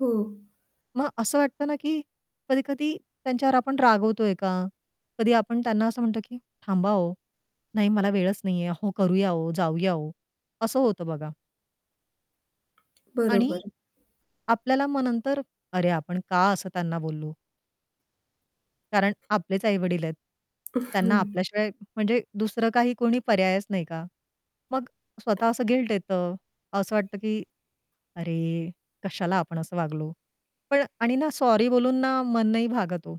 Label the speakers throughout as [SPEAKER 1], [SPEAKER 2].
[SPEAKER 1] हो.
[SPEAKER 2] मग असं वाटत ना, की कधी-कधी त्यांच्यावर आपण रागवतोय का? कधी आपण त्यांना असं म्हणतो की "थांबा हो! नाही मला वेळच नाहीये. अहो, करूया हो! जाऊया हो!" असं होतं बघा. आणि
[SPEAKER 1] बरोबर.
[SPEAKER 2] आपल्याला मग तर "अरे! आपण का असं त्यांना बोललो?" कारण आपलेच आई-वडील आहेत. त्यांना आपल्याशिवाय म्हणजे दुसरं काही कोणी पर्यायच नाही का? मग स्वतः असं गिल्ट येतं. असं वाटतं, की "अरे कशाला आपण असं वागलो?" पण आणि ना सॉरी बोलून ना मन नाही भागत हो.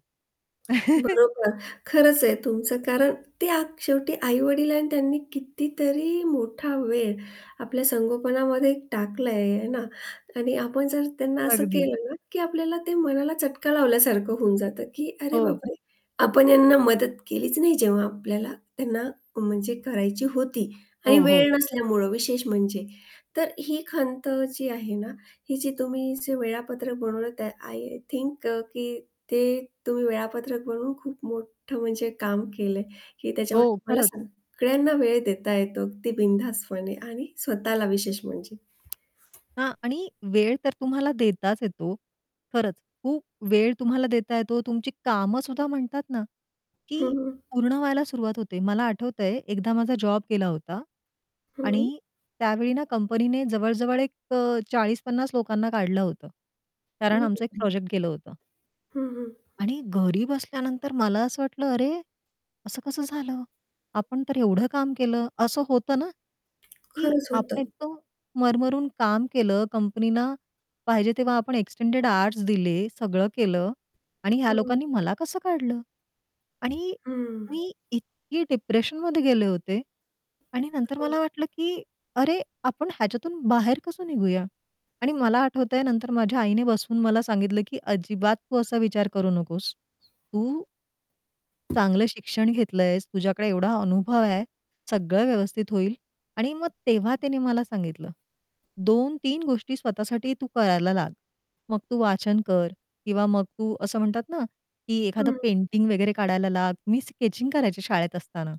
[SPEAKER 1] बरोबर खरंच आहे तुमचं कारण ते आक शेवटी आई-वडील आहे आणि त्यांनी कितीतरी मोठा वेळ आपल्या संगोपनामध्ये टाकला आहे, हे ना? आणि आपण जर त्यांना असं
[SPEAKER 2] अगदी.
[SPEAKER 1] केलं ना की आपल्याला ते मनाला चटका लावल्यासारखं होऊन जातं की अरे
[SPEAKER 2] हो.
[SPEAKER 1] बापरे आपण यांना मदत केलीच नाही जेव्हा आपल्याला त्यांना म्हणजे करायची होती आणि
[SPEAKER 2] हो, हो.
[SPEAKER 1] वेळ नसल्यामुळं विशेष म्हणजे. तर ही खंत जी आहे ना ही जी तुम्ही जे वेळापत्रक बनवलं त्या आय थिंक अ, की ते तुम्ही वेळापत्रक बनवून खूप मोठं म्हणजे काम केलंय की त्याच्यामुळे
[SPEAKER 2] हो,
[SPEAKER 1] तुम्हाला
[SPEAKER 2] खरंच.
[SPEAKER 1] सगळ्यांना वेळ देता येतो अगदी बिनधास्तपणे आणि स्वतःला विशेष म्हणजे.
[SPEAKER 2] हां. आणि वेळ तर तुम्हाला देताच येतो. खरंच खूप वेळ तुम्हाला देता येतो तुमची कामं सुद्धा म्हणतात ना,
[SPEAKER 1] हं,
[SPEAKER 2] की
[SPEAKER 1] हं.
[SPEAKER 2] पूर्ण व्हायला सुरुवात होते. मला आठवतंय एकदा माझा जॉब गेला होता.
[SPEAKER 1] हं.
[SPEAKER 2] आणि त्यावेळी ना कंपनीने जवळ-जवळ एक अ, 40-50 लोकांना काढलं होतं. कारण आमचं एक
[SPEAKER 1] [unintelligible]
[SPEAKER 2] प्रोजेक्ट गेलं होतं.
[SPEAKER 1] हं, हं.
[SPEAKER 2] आणि घरी बसल्यानंतर मला असं वाटलं, "अरे असं कसं झालं? आपण तर एवढं काम केलं." असं होतं ना? की
[SPEAKER 1] खरंच
[SPEAKER 2] आपण
[SPEAKER 1] होतं.
[SPEAKER 2] इतकं मरमरून काम केलं कंपनीला पाहिजे तेव्हा आपण एक्सटेंडेड आउअरस् दिले, सगळं केलं आणि ह्या
[SPEAKER 1] हं.
[SPEAKER 2] लोकांनी मला कसं काढलं? आणि
[SPEAKER 1] हं.
[SPEAKER 2] मी इतकी डिप्रेशनमध्ये गेले होते आणि नंतर
[SPEAKER 1] ओ
[SPEAKER 2] मला वाटलं की अरे आपण ह्याच्यातून बाहेर कसं निघूया आणि मला आठवतंय नंतर माझ्या आईने बसवून मला सांगितलं की "अजिबात तू असा विचार करू नकोस. तू" "चांगलं शिक्षण घेतलं आहेस, तुझ्याकडे एवढा अनुभव आहे, सगळं व्यवस्थित होईल." आणि मग तेव्हा तिने मला सांगितलं, "2-3 गोष्टी स्वतःसाठी तू करायला लाग. मग तू वाचन कर किंवा मग तू असं म्हणतात ना, की एखादं
[SPEAKER 1] हं.
[SPEAKER 2] पेंटिंग वगैरे काढायला लाग." मी स्केचिंग करायची शाळेत असताना.